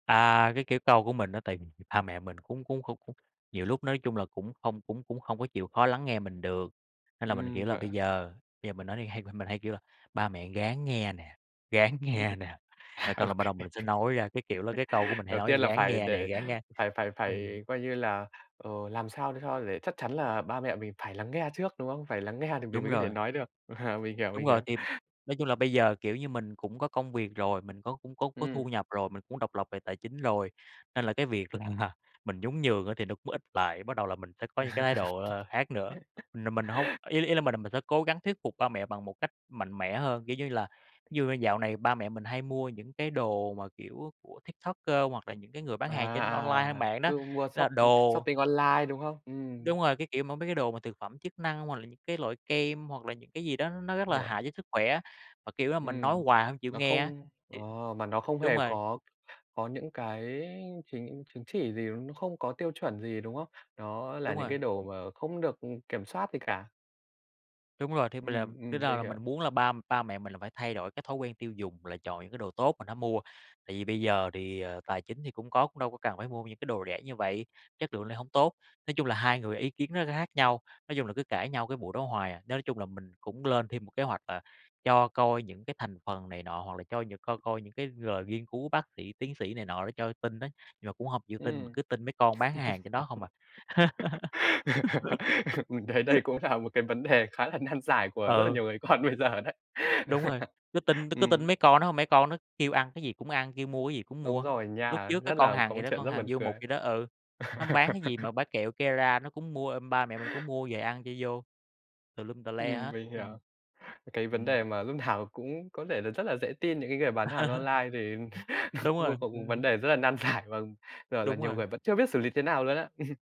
À, cái kiểu câu của mình á, tại vì ba mẹ mình cũng cũng không cũng nhiều lúc nói chung là cũng không cũng cũng hông có chịu khó lắng nghe mình được, nên là mình, Ừm, kiểu là, vậy bây à? giờ bây giờ mình nói thì hay mình mình hay kêu là "Ba mẹ ráng nghe nè, ráng Ừm, nghe nè." Rồi ô xong là bắt kê. đầu mình sẽ nói ra, cái kiểu là, cái câu của mình hay Đầu nói tiên là "Ráng phải nghe nè, để ráng nghe." phải phải Ừm. phải, coi như là, ờ, làm sao để cho để chắc chắn là ba mẹ mình phải lắng nghe trước, đúng không? Phải lắng nghe thì mình Đúng mới có thể rồi. nói được. À, mình hiểu, Đúng mình rồi. hiểu. Thì nói chung là bây giờ, kiểu như, mình cũng có công việc rồi, mình có cũng có có thu Ừm. nhập rồi, mình cũng độc lập về tài chính rồi, nên là cái việc là mình nhún nhường á thì nó cũng ít lại, bắt đầu là mình sẽ có những cái thái độ, ờ, khác nữa. Là mình hông ý ý là mình là mình sẽ cố gắng thuyết phục ba mẹ bằng một cách mạnh mẽ hơn, kiểu như là thí dụ như dạo này ba mẹ mình hay mua những cái đồ mà, kiểu, của TikToker hoặc là những cái người bán À, hàng trên à, online hay à, mạng đó. cứ mua Đó là shop, ư, đồ shopping online, đúng không? Ừm. Đúng rồi, cái kiểu mà, mấy cái đồ mà thực phẩm chức năng hoặc là những cái loại kem, hoặc là những cái gì đó nó rất là Hiểu. hại cho sức khỏe, mà, kiểu như là, mình nói Ừm, hoài hông chịu nó nghe á, không thì ờ, mà nó không đúng hề rồi. có có những cái chính chứng chỉ gì, nó không có tiêu chuẩn gì, đúng không? Nó là Đúng những rồi. cái đồ mà không được, ừm, kiểm soát gì cả. Đúng rồi. Thì mình làm Ừm, bây ừm, giờ mình là mình hiểu. muốn là ba ba mẹ mình là phải thay đổi cái thói quen tiêu dùng, là chọn những cái đồ tốt mình hãy mua, tại vì bây giờ thì, ờ, tài chính thì cũng có, cũng đâu có cần phải mua những cái đồ rẻ như vậy, chất lượng lại hông tốt. Nói chung là hai người ý kiến nó rất là khác nhau, nói chung là cứ cãi nhau cái vụ đó hoài à. Nên nói chung là mình cũng lên thêm một kế hoạch, à, cho coi những cái thành phần này nọ hoặc là cho những coi coi những cái lời nghiên cứu bác sĩ, tiến sĩ này nọ để cho tin á, nhưng mà cũng hông chịu tin mà Ừm. cứ tin mấy con bán hàng trên đó không à. Mình thấy đây cũng là một cái vấn đề khá là nan giải của rất là Ừ. nhiều người con bây giờ đấy. Đúng rồi, cứ tin cứ cứ tin Ừm. mấy con đó hông, mấy con nó kêu ăn cái gì cũng ăn, kêu mua cái gì cũng Đúng mua. rồi Lúc nha, trước cái rất con là có Hằng một gì đó, chuyện con rất Hằng buồn Du Mục cười. gì đó ừ, nó bán cái gì mà bán kẹo Kera nó cũng mua, ơ, ba mẹ mình cũng mua về ăn cho vô. Tùm lum, tè le Ừm, hết, mình hiểu. ừm, Cái vấn ừm. đề mà lúc nào cũng có thể là rất là dễ tin những cái người bán hàng online, thì Đúng rồi, c cũng ừm vấn hửm. đề rất là nan giải và, gọi là, Đúng nhiều rồi. người vẫn chưa biết xử lý thế nào luôn á.